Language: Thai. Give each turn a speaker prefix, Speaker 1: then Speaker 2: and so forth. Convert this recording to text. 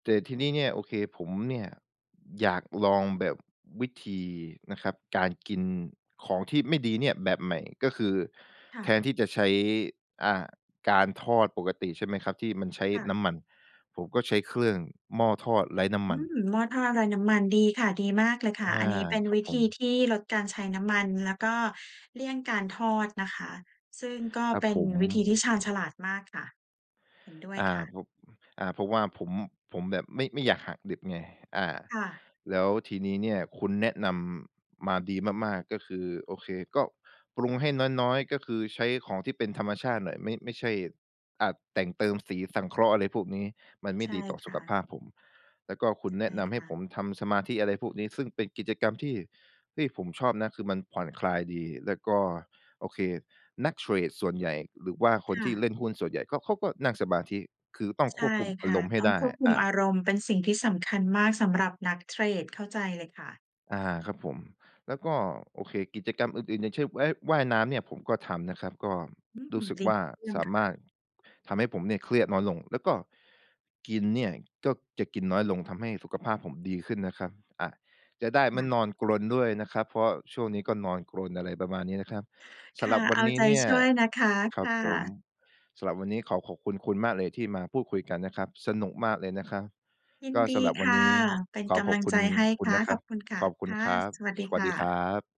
Speaker 1: แต่ทีนี้เนี่ย โอเค ผมเนี่ยอยากลองแบบวิธี นะครับ การกินของที่ไม่ดีเนี่ยแบบใหม่ ก็คือ
Speaker 2: ค่
Speaker 1: แท
Speaker 2: ะ
Speaker 1: นที่จะใช้ อ่า การทอดปกติ ใช่ไหมครับ? ที่มันใช้
Speaker 2: ค่
Speaker 1: น
Speaker 2: ะ
Speaker 1: ้ำมัน ผมก็ใช้เครื่องหม้อทอดไร้น้
Speaker 2: อ
Speaker 1: ำม
Speaker 2: ื
Speaker 1: ัน
Speaker 2: ม หม้อทอดไรน้ำมัน ดีค่ะ ดีมากเลยค่ะ
Speaker 1: อา
Speaker 2: อันนี้เป็น
Speaker 1: ครั
Speaker 2: ว
Speaker 1: บ
Speaker 2: ิ
Speaker 1: ผ
Speaker 2: ธี
Speaker 1: ม
Speaker 2: ที่ลดการใช้น้ำมัน แล้วก็เลี่ยงการทอดนะคะ ซึ่งก็
Speaker 1: ครับ
Speaker 2: เป็
Speaker 1: ผ
Speaker 2: น
Speaker 1: ม
Speaker 2: วิธีที่ชาญฉลาดมากค่ะ เห็นด้วย
Speaker 1: อา
Speaker 2: ค่ะ
Speaker 1: ผม อา เพราะว่าผม ผมแบบไม่ ไม่อยากหักดิบไง อ่า
Speaker 2: ค่ะ
Speaker 1: แล้วทีนี้เนี่ย คุณแนะนำ มาดีมาก ๆ ก็คือ โอเค ก็ปรุงให้น้อย ๆ ก็คือใช้ของที่เป็นธรรมชาติหน่อย ไม่ ไม่ใช่ อะ แต่งเติมสีสังเคราะห์ อะไรพวกนี้ มันไม
Speaker 2: ใช
Speaker 1: ่
Speaker 2: ่
Speaker 1: ดีต่อ
Speaker 2: ค
Speaker 1: สุ
Speaker 2: ่
Speaker 1: ขภ
Speaker 2: ะ
Speaker 1: าพผม แล้วก็คุณ
Speaker 2: ใ
Speaker 1: แ
Speaker 2: ช
Speaker 1: น
Speaker 2: ่
Speaker 1: ะนำให
Speaker 2: ค
Speaker 1: ้
Speaker 2: ่
Speaker 1: ผ
Speaker 2: ะ
Speaker 1: มทำสมาธิ อะไรพวกนี้ ซึ่งเป็นกิจกรรมที่ ที่ผมชอบนะ คือมันผ่อนคลายดี และก็ โอเค นักเทรดส่วนใหญ่ หรือว่าค
Speaker 2: ค
Speaker 1: น
Speaker 2: ่
Speaker 1: ที
Speaker 2: ะ
Speaker 1: ่เล่นหุ้นส่วนใหญ่ ก็ เขาก็นั่งสมาธิ คือต้อง
Speaker 2: ใช
Speaker 1: คว
Speaker 2: ่
Speaker 1: บคุมอ
Speaker 2: ค
Speaker 1: า
Speaker 2: ่
Speaker 1: ร
Speaker 2: ะ
Speaker 1: มณ์ให้
Speaker 2: ต้อง
Speaker 1: ได้
Speaker 2: ควบคุ
Speaker 1: อ
Speaker 2: ม
Speaker 1: ่า
Speaker 2: อารมณ์ เป็นสิ่งที่สำคัญมาก สำหรับนักเทรด เข้าใจเลยค่ะ
Speaker 1: อา ครับผม แล้วก็ โอเค กิจกรรมอื่น ๆ อย่างเช่น ว่าย ว่ายน้ำเนี่ยผมก็ทำนะครับ ก็
Speaker 2: อืม
Speaker 1: รู้สึก
Speaker 2: ดี
Speaker 1: ว่า
Speaker 2: เยี่ย
Speaker 1: ส
Speaker 2: ม
Speaker 1: า
Speaker 2: ค
Speaker 1: ม
Speaker 2: ่ะ
Speaker 1: ารถทำให้ผมเนี่ย เครียดน้อยลง แล้วก็กินเนี่ย ก็จะกินน้อยลง ทำให้สุขภาพผมดีขึ้นนะครับ อ่า จะได้
Speaker 2: ค
Speaker 1: ไม
Speaker 2: ่
Speaker 1: ่
Speaker 2: ะ
Speaker 1: นอนกรนด้วยนะครับ เพราะว่าช่วงนี้ก็นอนกรน อะไรประมาณนี้นะครับ ส
Speaker 2: ค
Speaker 1: ำ
Speaker 2: ่
Speaker 1: หรั
Speaker 2: ะ
Speaker 1: บวั
Speaker 2: เอ
Speaker 1: น
Speaker 2: า
Speaker 1: นี
Speaker 2: ใ
Speaker 1: ้
Speaker 2: จ
Speaker 1: เนี่ย
Speaker 2: ช่วยนะคะ
Speaker 1: คร
Speaker 2: ค
Speaker 1: ับ
Speaker 2: ่
Speaker 1: ผม
Speaker 2: ะ
Speaker 1: สำหรับวันนี้ขอขอบคุณ คุณมากเลยที่มาพูดคุยกันนะครับ สนุกมากเลยนะครับ
Speaker 2: ยิน
Speaker 1: ก็
Speaker 2: ดี
Speaker 1: สำหรับ
Speaker 2: ค
Speaker 1: วัน
Speaker 2: ่
Speaker 1: น
Speaker 2: ะ
Speaker 1: ี้
Speaker 2: เป็น
Speaker 1: ขอ
Speaker 2: ก
Speaker 1: ข
Speaker 2: ำ
Speaker 1: อ
Speaker 2: ลั
Speaker 1: บ
Speaker 2: ง
Speaker 1: คุ
Speaker 2: ใจ
Speaker 1: ณ
Speaker 2: ให้
Speaker 1: คุ
Speaker 2: ค
Speaker 1: ณ
Speaker 2: ่ะ
Speaker 1: นะค
Speaker 2: ข
Speaker 1: รั
Speaker 2: อ
Speaker 1: บ
Speaker 2: บคุณค่ะ
Speaker 1: ขอบคุ
Speaker 2: ค
Speaker 1: ณ
Speaker 2: ่ะ
Speaker 1: ครับ
Speaker 2: สวัสดี
Speaker 1: สว
Speaker 2: ค
Speaker 1: ัส
Speaker 2: ่
Speaker 1: ดีคร
Speaker 2: ะ
Speaker 1: ับ